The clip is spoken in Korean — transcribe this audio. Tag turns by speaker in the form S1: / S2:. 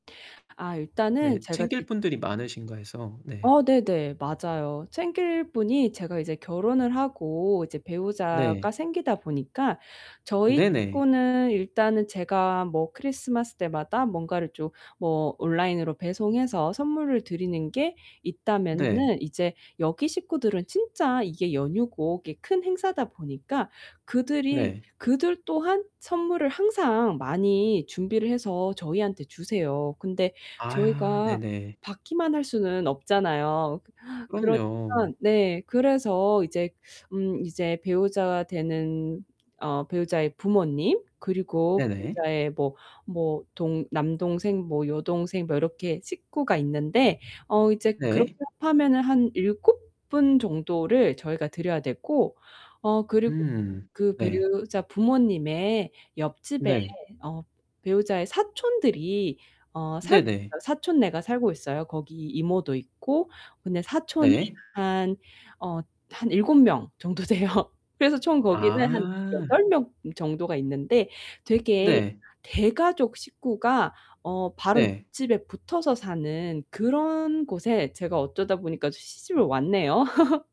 S1: 아
S2: 네,
S1: 일단은 제가
S2: 챙길
S1: 지금
S2: 분들이 많으신가 해서 네.
S1: 아 네네. 맞아요. 챙길 분이 제가 이제 결혼을 하고 이제 배우자가
S2: 네.
S1: 생기다 보니까 저희
S2: 네네.
S1: 식구는 일단은 제가 뭐 크리스마스 때마다 뭔가를 좀 뭐 온라인으로 배송해서 선물을 드리는 게
S2: 네.
S1: 있다면은 이제 여기 식구들은 진짜 이게 연휴고 이게 큰 행사다 보니까 그들이
S2: 네.
S1: 그들 또한 선물을 항상 많이 준비를 해서 저희한테 주세요. 근데
S2: 아
S1: 저희가
S2: 네네.
S1: 받기만 할 수는 없잖아요. 그러니까
S2: 그럼요.
S1: 네. 그래서 이제 음 이제 배우자가 되는 어 배우자의 부모님 그리고
S2: 네네.
S1: 배우자의 뭐 뭐 동 남동생 뭐 여동생 뭐 이렇게 식구가 있는데 어 이제 그렇게
S2: 네.
S1: 합하면은 한 7 분 정도를 저희가 드려야 되고 어 그리고 또
S2: 음
S1: 그
S2: 네.
S1: 배우자 부모님의 옆집에
S2: 네.
S1: 어 배우자의 사촌들이 어 살고
S2: 네네.
S1: 있어요. 사촌네가 살고 있어요. 거기 이모도 있고. 근데 사촌이
S2: 네.
S1: 한 어 한 7 명 정도 돼요. 그래서 총 거기는 한
S2: 아.
S1: 8 명 정도가 있는데 되게
S2: 네.
S1: 대가족 식구가 어 바로
S2: 네.
S1: 옆집에 붙어서 사는 그런 곳에 제가 어쩌다 보니까 시집을 왔네요.